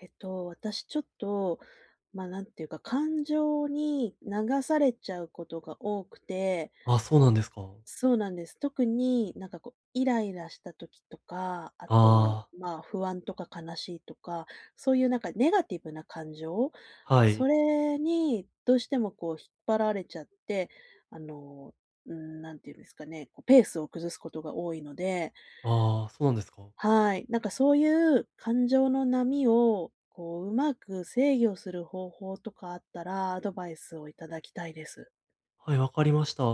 えっと、私ちょっと、ま、なんていうか、感情に流されちゃうことが多くてあ、そうなんですか。そうなんです。特に、なんかこう、イライラした時とか、あと、ああ。まあ、不安とか悲しいとか、そういうなんかネガティブな感情、はそい。れに、どうしてもこう引っ張られちゃって、あの、うん、何て言うんですかね、こうペースを崩すことが多いのでああ、そうなんですか。はい。なんかそういう感情の波を、こう上手く制御する方法とかあったら、アドバイスを頂きたいです。はい、分かりました。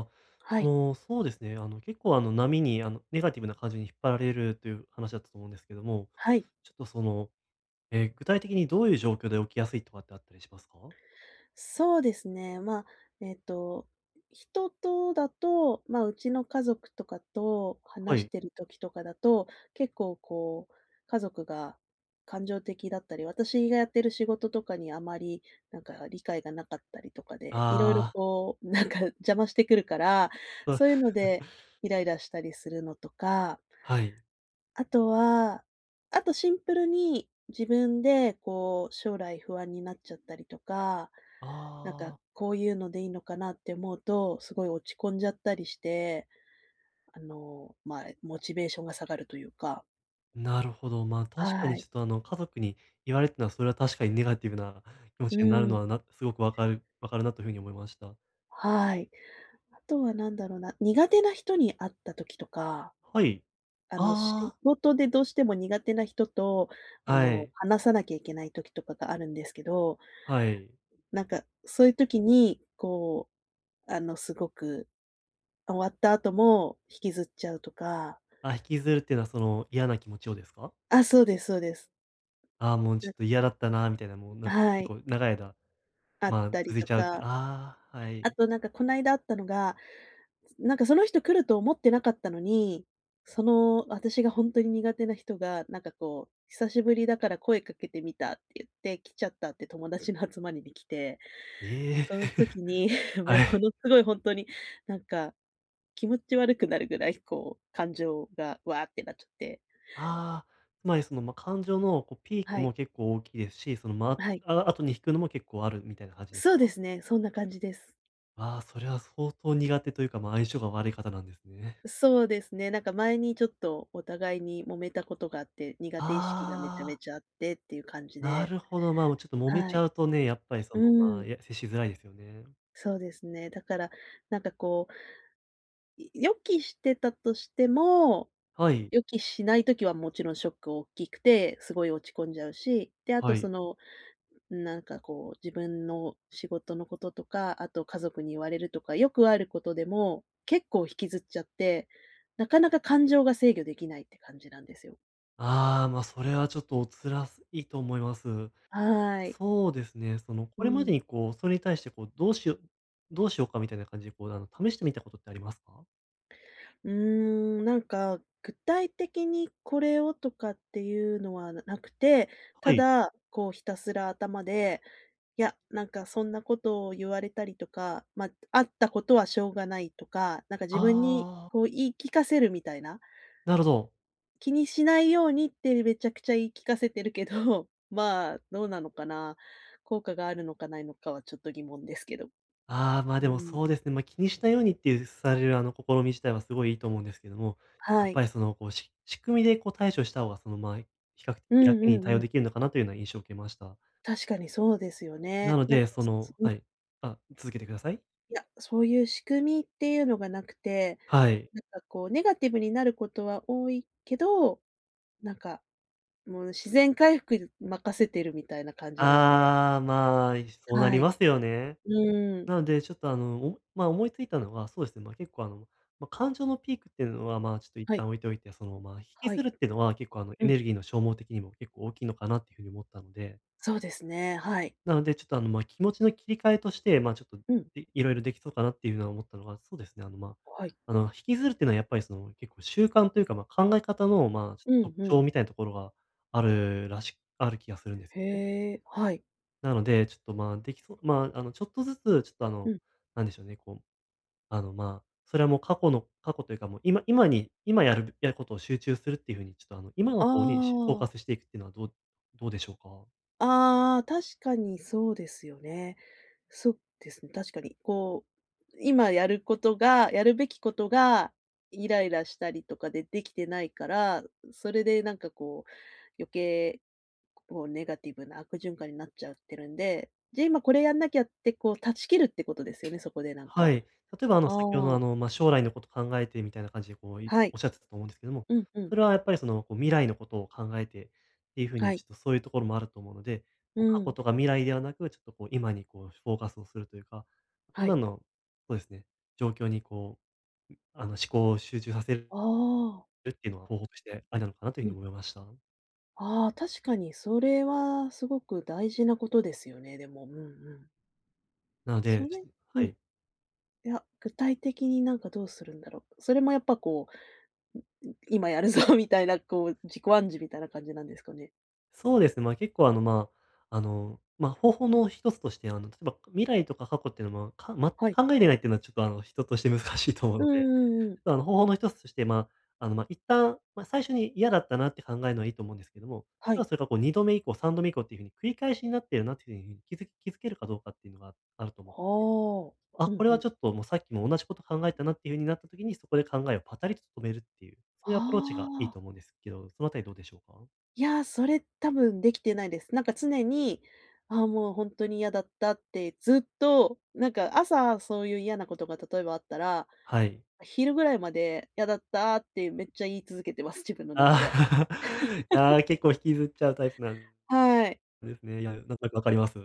はあい。の、そうですね、あの、結構、あの、波に、あの、ネガティブな感じに引っ張られるという話だったと思うんですけども、はい。ちょっとその、え、具体的にどういう状況で起きやすいとかってあったりしますか？そうですね。ま、えっと、人とだとま、うちの家族とかとは話しい。てる時とかだと、結構こう、家族が感情的だったり、私がやってる仕事とかに、あまり、なんか、理解が無かったりとかで、色々ああ。こう、なんか、邪魔してくるから、そういうの [unintelligible] で、イライラしたりするのとかはい。あとは、あとシンプルに、自分で、こう将来不安になっちゃったりとか、なんあか、あ。こういうのでいいのかなって思うと、すごい落ち込んじゃったりして、あの、ま、モチベーションが下がるというか。なるほど。ま、確かにはちょい。っと、あの、家族に言われたのはそれは確かにネガティブな気持うちになるのん。は、なすごく分かる分かるなという風に思いました。はい。あとは何だろうな、苦手な人に会った時とか、はい。あの、仕ああ。事でどうしても苦手な人と、あはの、い。話さなきゃいけない時とかがあるんですけどはい。なんか、そういう時に、こう、あの、すごく終わった後も引きずっちゃうとか。あ、引きずるっていうのは、その、嫌な気持ちをですか？あ、そうですそうです。ああ、もうちょ [unintelligible] っと嫌だったなみたいな、もうなあ、んかは結い。構長い間、あっま、たり続いとちゃうってかああ、はあい。と、なんか、この間あったのが、すなんか、その人来ると思ってなかったのに、その、私がほんとに苦手な人が、なんかこう、久しぶりだから声かけてみたって言って来ちゃったって、友達の集まりに来て、ええ、その時に え、はもい。のすごいほんとになんか気持ち悪くなるぐらい、こう感情がわあってなっちゃって。ああ、つまりその、ま、感情の、こう、ピークはい。も結構大きいですし、その、あ、ま、はい。あ後に引くのも結構あるみたいな感じですそうでか？すね。そんな感じです。ああ、それは相当苦手というか、ま、相性が悪い方なんですね。そうですね。なんか、前にちょっとお互いに揉めたことがあって、苦手意識がめちゃあめあ。ちゃあってっていう感じなで。るほど、ま、もう、ちょっと揉めはちい。ゃうとね、やっぱり、そうの、ま、ーん。や接しづらいですよね。そうですね。だから、なんか、こうい予期してたとしても、はい。予期しない時はもちろんショック大きくて、すごい落ち込んじゃうし。で、あはと、い。その、なんかこう自分の仕事のこととか、あと家族に言われるとか、よくあることでも、結構引きずっちゃって、なかなか感情が制御できないって感じなんですよ。ああ、まあ、それはちょっとお辛すいと思います。はい。そうですね。その、うこれまでん。にこう、それに対してこう、どうしよどうしようかみたいな感じでこう、あの、試してみたことってありますか？うーん、なんか、具体的にこれをとかっていうのは無くて、たはい。だ、こうひたすら頭で、いや、なんかそんなことを言われたりとか「ま、あったことはしょうがない」とか、なんか自分にああ。こう、言い聞かせるみたいな？なるほど。気にしないようにって、めちゃくちゃ言い聞かせてるけど、まあ、どうなのかな？効果があるのかないのかはちょっと疑問ですけど。ああ、ま、うでもん。そうですね。ま、気にしないようにっていうされる、あの、試み自体はすごいいいと思うんですけども、やはっぱい。りその、こう、し仕組みでこう対処した方が、その、ま、比較うん楽にうん対応うん。出来るのかな、というような印象を受けました。確かにそうですよなね。のなんか、で、そそそのうん。はい、あ、続けてください。いや、そういう仕組みっていうのが無くて、はい。なんかこうネガティブになることは多いけど、なんか、もう自然回復る任せてるみたいな感じなんで。ああ、まあ、いしそうなりはい。ますよね。うん。なのでちょっと、あの、おま、思いついたのは、そうですね、ま、結構、あの、ま、感情のピークってうのは、まあ、ちょっと一は旦い。置いておいて、その、ま、引きはずい。るってのは結構、あの、エうん。ネルギーの消耗的にも結構大きいのかなっていう風に思ったのでそうですね、はい。なので、ちょっと、あの、ま、気持ちの切り替えとして、まあ、ちょっと、うん。で色々出来そうかなっていうのは思ったのが、そうですね。あの、ま、あ、はい。あの、引きずるっていうのはやっぱり、その、結構習慣というか、ま、考え方の、まあ、ちょうん、特ふん。徴みたいなところが、あるらしある気がするんですへね。え、はい。なので、ちょっと、ま、出来そうまあ、あの、ちょっとずつ、ちょっと、あうの、ん。なんでしょうね、こう、あの、ま、それはもう過去の過去というかもう今今に今やるやることを集中するっていう風にちょっとあの、今のあ方にしフォーカあ。スしていくっていうのはどうどうでしょうか？ああああ、確かにそうですよね。そですね、確かに。こう、今やることが、やるべきことが、イライラしたりとかで出来てないから、それでなんかこう、余計、こうネガティブな悪循環になっちゃってるんで、じゃ、今これやんなきゃってこう断ち切るってことですよね、そこでなんはかい、例えば、あの、先ほどの、あああ。の、ま、将来のこと考えて、みたいな感じでこう、いはい、仰ってたと思うんですけども、うん、ふそん。れはやっぱりその、こう未来のことを考えてっていう風はに、ちい。ょっとそういうところもあると思うので、うこう過去ん。とか未来ではなく、ちょっとこう、今にこう、しゅフォーカスをするというか、は今い。の、そうですね、状況にこう、うん、あの、う思ん。考を集中させるああ。るっていうのは方法としてありなのかな？というう風ん。に思いました。ああ、確かにそれはすごく大事なことですよね、でも。うんうん。なのそで、ちれょうはん。い。いや、具体的になんか、どうするんだろ。それもやっぱ、こう、んん、今やるぞみたいなこう、自己暗示みたいな感じなんですかね。そうです。ま、結構、あの、ま、あの、ま、方法の1つとして、あの、例えば未来とか過去っていうの、ま、かん全くはい。考えてないっていうのはちょっと、あの、人として難しいと思ううのんで。うんうん。ただ、あの、方法の1つとして、ま、あの、ま、一旦、ま、最初に嫌だったなって考えるのはいいと思うんですけども、はたい。だそれが、こう2度目以降、3度目以降っていう風に、繰り返しになっているなという風に、気づ気づけるかどうかっていうのが、ああると思っはて。あ、あ、うんこれうはちょん。っと、もうさっきも同じこと考えたな、っていう風になった時に、そこで考えをパタリと止めるっていう。そういはうアプローチがいいあ。と思うんですけど、その辺りどうでしょうか？いや、それ、多分できてないです。なんか常に、あ、もう、ほんとに嫌だったって、ずっと、なんか朝、そういう嫌なことが例えばあったら、はい。昼ぐらいまで「嫌だった」ってめっちゃ言い続けてます、自分の中で。ああ、あ、結構引きずっちゃうタイプなんはい。ですね。いや、なんとなく分かります。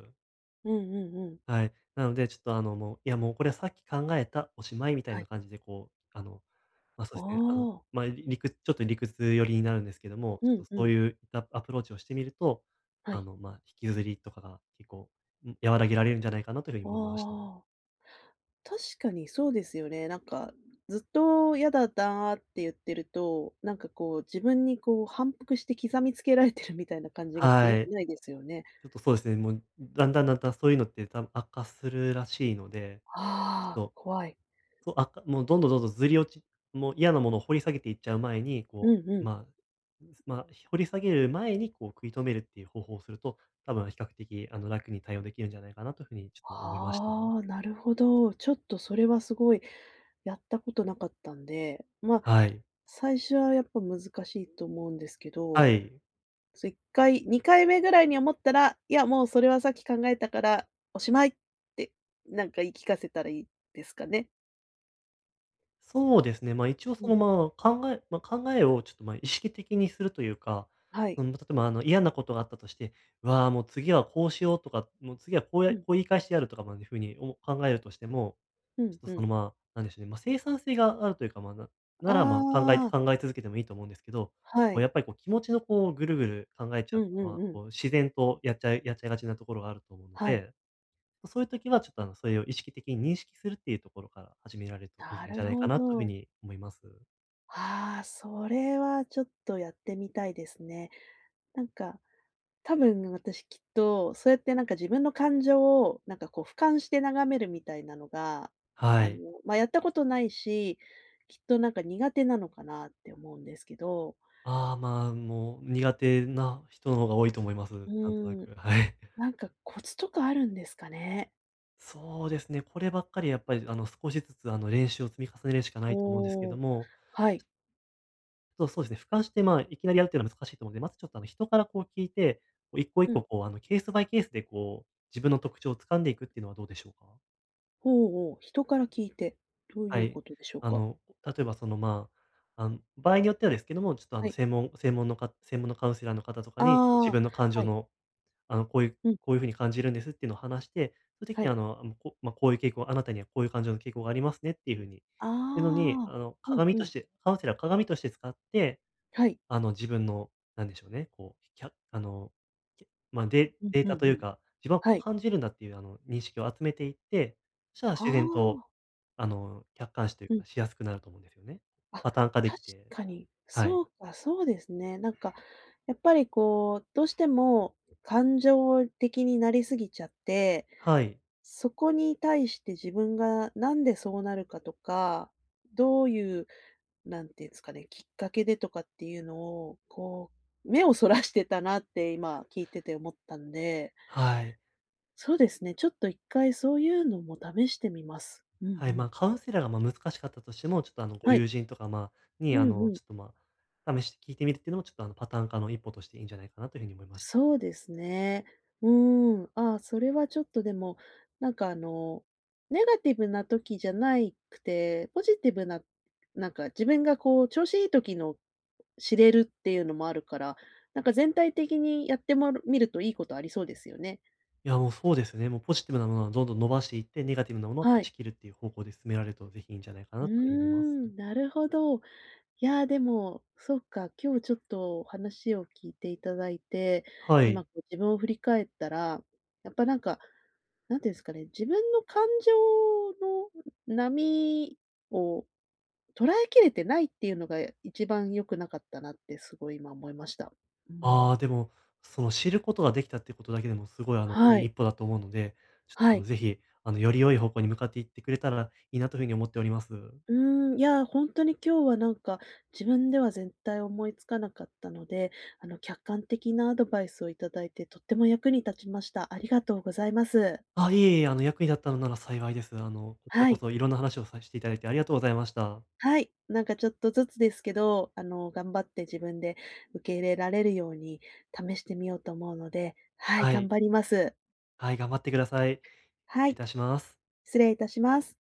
うんうんうん。はい。なので、ちょっと、あの、もう「いや、もうこれはさっき考えた。おしまい」みたいはい。な感じでこう、あの、ま、そあうですね。あの、あ。ま、りくちょっと理屈寄りになるんですけども、ちうょんっとうそうん。いうアアプローチをしてみると、はあい。の、ま、引きずりとかが結構、ん、和らげられるんじゃないかなという風あに、いまました。あ。確かにそうですよね。なんか、ずっと「嫌だった」って言ってると、なんかこう自分に、こう、反復して刻みつけられてるみたいな感じがして、良はくい。ないですよね。ちょっとそうですね。もう、だんだんだんだん、そういうのって、多分悪化するらしいので。ちああ、ょっと怖い。そう、悪化もうどんどんどんどん、ずり落ちもう嫌なものを掘り下げていっちゃう前に、うこんうう、ん。まま、掘り下げる前に、こう食い止めるっていう方法をすると、多分比較的、あの、楽に対応できるんじゃないかなという風に、ちょっと思いました。はあ、なるほど。ちょっとそれは、すごい、やったことなかったんで。ま、はい。最初はやっぱ、難しいと思うんですけはど、い。そ、1回2回目ぐらいに思ったら、「いや、もうそれはさっき考えたから、おしまい」って、なんか言い聞かせたらいいですかね。そうですね。ま、一応うその、ん。ま、考えま、考えをちょっと、ま、意識的にするというか、はい。うん。ま、例えばあの、嫌なことがあったとして、わあ、もう次はこうしようとか、もう次はこううやこん。う言い返してやるとかまでいう風におも考えるとしても、うちんょっうとそん。の、ま、なんでしょうね。ま、生産性があるというか、ま、なあなら、ま、考えあ。考え続けてもいいと思うんですけど、はこうい。やっぱりこう気持ちのこう、ぐるぐる考えちうゃうんうのんは、うん。こう自然とやっちゃいやっちゃいがちなところがあると思うのはい。で、ま、そういう時は、ちょっとあのそれを意識的に認識するっていうところから始められると、いないんじゃるないかほなという風ど。に思います。ああ、それはちょっとやってみたいですね。なんか、多分ね、私きっと、そうやってなんか自分の感情を、なんかこう俯瞰して眺めるみたいなのが、はあの、い。ま、やったことないし、きっとなんか苦手なのかなって思うんですけど。ああ、まあ、もう苦手な人の方が多いと思います。うなんとなーん、く。はい。なんかコツとかあるんですかね？そうですね。こればっかりはやっぱり、あの、少しずつ、あの、練習を積み重ねるしかないと思うんですけおどお、もはい。そうそうですね。俯瞰して、まあ、いきなりやるっていうのは難しいと思うんで、まずちょっと、あの、人からこう聞いて、こう一個一うん。個こう、あの、ケースバイケースでこう、自分の特徴を掴んでいくっていうのはどうでしょうか？ほお、おお。人から聞いて。どういはうい。ことでしょうあか？の、例えばその、まあ、あん場合によってはですけども、ちょっと、あはの、い。せいもん専門のか専門のカウンセラーの方とかに、自ああ、分の感情はい。のあの、こういううん。こういう風に感じるんですっていうのを話して、その時はに、い。あの、あむ、こま、こういう傾向あなたにはこういう感情の傾向がありますねっていう風に、いうのに、ああ。あの、うん鏡うとん。してカウンセラー鏡として使って、はい。あの、自分の、何でしょうね。こう、ひゃあの、ま、デうんデーうタとんいううん。か、自分ははこうい。感じるんだっていう、あの、認識を集めていって、したらあ自然と、あ。あの、客観視といううん。か、しやすくなると思うんですよね。あ、確パターン化できて、かに。はそい。うか、そうですね。なんか、やっぱりこう、どうしても感情的になりすぎちゃって、はい。そこに対して、自分が何でそうなるかとか、どういう何て言うんですかね。きっかけでとかっていうのをこう、目を逸らしてたなって、今聞いてて思ったんではい。そうですね。ちょっと1回そういうのも試してみます。うんうはい。まん。あ、カウンセラーが、ま、難しかったとしても、ちょっとあの、ごはい。友人とか、まあ、うに、あんの、うん。ちょっと、ま、試し聞いてみるっていうのもちょっと、あの、パターン化の一歩としていいんじゃないかなという風に思いましそうですね。うーん。ああ、それはちょっとでも、なんかあの、ネガティブな時じゃないくて、ポジティブな、なんか自分がこう調子いい時の、知れるっていうのもあるから、なんか全体的にやってまるみるといいことありそうですよね。いや、もうそうですね。もうポジティブなものはどんどん伸ばしていって、ネガティブなものをは断い。ち切るっていう方向で進められると、是非いいんじゃないかうーなという風にますね。ん、なるほど。いや、でも、そっか。今日ちょっと話を聞いていただいて、は今い。こう自分を振り返ったら、やっぱなんか、なんていうんですかね、自分の感情の波を捉えきれてないっていうのが、一番良くなかったなってすごい今思いました。うあん。あ、でも、その知ることが出来たっていうことだけでもすごい、あの、いはいい。一歩だと思うので、ちょっと、はあの、い。是非、あの、より良い方向に向かっていってくれたらいいなという風に思っております。うーん。いや、ほんとに今日はなんか、自分では絶対思い付かなかったので、あの客観的なアドバイスを頂いて、とっても役に立ちました。ありがとうございます。あ、いえいえ、あの、役に立ったのなら幸いです。あの、こちらはこい。そ色んな話をさしていただいてありがとうございました。はい。なんかちょっとずつですけど、あの、頑張って自分で受け入れられるように、試してみようと思うので、はい。は頑い。張ります。はい、頑張ってください。はいい。たします。失礼いたします。